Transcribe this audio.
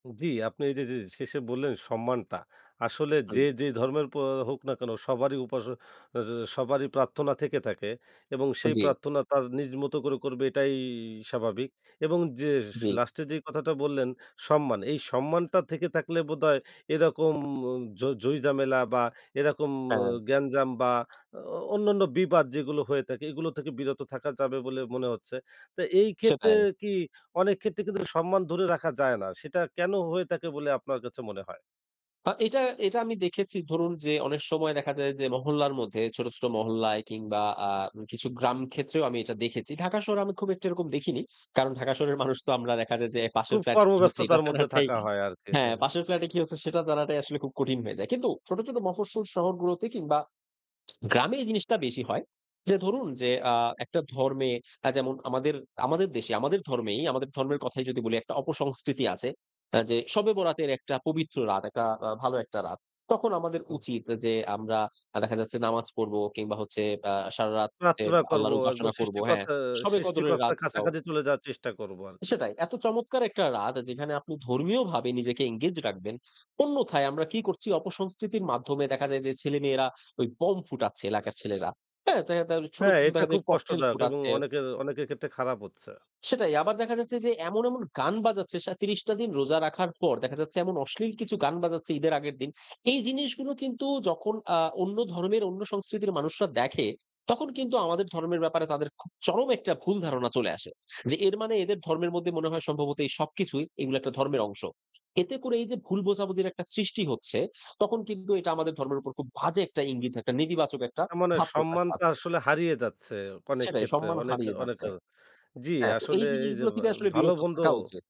জ্বী। আপনি এই যে, যে শেষে বললেন সম্মানটা। আসলে হুম। যে, যে ধর্মের পো হোক না কেন সবারই উপাস স সবারই প্রার্থনা থেকে থাকে। এবং সেই জ্বী। প্রার্থনা তার নিজ মতো করে করবে এটাইই স্বাভাবিক। এবং যে জ্বী। লাস্ট এ যেই কথাটা বললেন সম্মান, এই সম্মানটা থেকে থাকলে বোধহয় এরকম ঝ ঝই ঝামেলা বা এরকম হ্যাঁ। গ্যাঞ্জাম বা অ অ অন্যান্য বিবাদ যেগুলো হয়ে থাকে। এগুলো থেকে বিরত থাকা যাবে বলে মনে হচ্ছে। তো এই ক্ষেত্রে সেটাই। কি অনেক ক্ষেত্রে কিন্তু সম্মান ধরে রাখা যায় না। সেটা কেন হয়ে থাকে বলে আপনার কাছে মনে হয়? হ এইটা, এইটা আমি দেখেছি ধরুন যে, অনেক সময় দেখা যায় যে, মহল্লার মধ্যে ছোট, ছোট মহল্লায় কিংবা আ কিছু গ্রাম ক্ষেত্রেও আমি এটা দেখেছি। ঢাকার শহরে আমি খুব একটা এরকম দেখিনি। কারণ ঢাকা শহরের মানুষ তো আমরা দেখা যায় যে, পাশের খুব ফ্ল্যাটে কি হচ্ছে এটা কর্মব্যস্ততার মধ্যে জানাটাই থাকা হয় আরকি। হ্যাঁ, হ্যাঁ, হ্যাঁ। পাশের ফ্ল্যাটে কি হচ্ছে সেটা জানাটাই আসলে খুব কঠিন হয়ে যায়। কিন্তু ছোট, ছোট মফস্বল শহরগুলোতে কিংবা গ্রামে এই জিনিসটা বেশি হয়। যে ধরুন যে, আ একটা ধর্মে আ যেমন আমাদের, আমাদের দেশে আমাদের ধর্মেই, আমাদের ধর্মের কথাই যদি বলি একটা অপসংস্কৃতি আছে। হ্যাঁ, যে শবে বরাতের একটা পবিত্র রাত একটা আ ভালো একটা রাত। তখন আমাদের হুম। উচিত যে, আমরা আ দেখা যাচ্ছে নামাজ পড়বো কিংবা হচ্ছে আ সারারাত হচ্ছে প্রার্থনা করব। আল্লাহর একদম উপাসনা করব। হ্যাঁ, সৃষ্টিকর্তা, শবে কদরের সৃষ্টিকর্তার রাতটাও। কাছাকাছি চলে যাওয়ার চেষ্টা করব আরকি। সেটাই, এত চমৎকার একটা রাত যেখানে আপনি ধর্মীয় ভাবে নিজেকে এনগেজ রাখবেন। অন্যথায় আমরা কি করছি অপসংস্কৃতির মাধ্যমে দেখা যায় যে, ছেলেমেয়েরা ওই বোম ফুটাচ্ছে এলাকার ছেলেরা। হ্যাঁ? দেখা যায় তাহলে ছোট, হ্যাঁ। ছোট এটা দেখা খুব যায় ককটেইল কষ্টদায়ক এবং ফুটাচ্ছে। অনেকের, অনেকের ক্ষেত্রে খারাপ হচ্ছে। সেটাই, আবার দেখা যাচ্ছে যে, এমন, এমন গান বাজাচ্ছে সা ৩০ টা দিন রোজা রাখার পর। দেখা যাচ্ছে, এমন অশ্লীল কিছু গান বাজাচ্ছে ঈদের আগের দিন। এই জিনিসগুলো কিন্তু যখন আ অন্য ধর্মের, অন্য সংস্কৃতির মানুষরা দেখে, তখন কিন্তু আমাদের ধর্মের ব্যাপারে তাদের খুব চরম একটা ভুল ধারণা চলে আসে। যে এর মানে এদের ধর্মের মধ্যে মনে হয় সম্ভবত এই সবকিছুই এগুলো একটা ধর্মের অংশ। এতে করে এই যে ভুল বোঝাবুঝির একটা সৃষ্টি হচ্ছে, তখন কিন্তু এটা আমাদের ধর্মের উপর খুব বাজে একটা ইঙ্গিত, একটা নেতিবাচক একটা হ্যাঁ, মানে ভাব প্রকাশ সম্মানটা পাচ্ছে। আসলে হারিয়ে যাচ্ছে অনেক সেটাই ক্ষেত্রে। সম্মান অনেক, হারিয়ে যাচ্ছে। অনেকের, জ্বী। হ্যাঁ, তো এই আসলে এই যে জিনিসগুলো ভা থেকে আসলে ভালো বিরত মন্দ থাকা উচিত।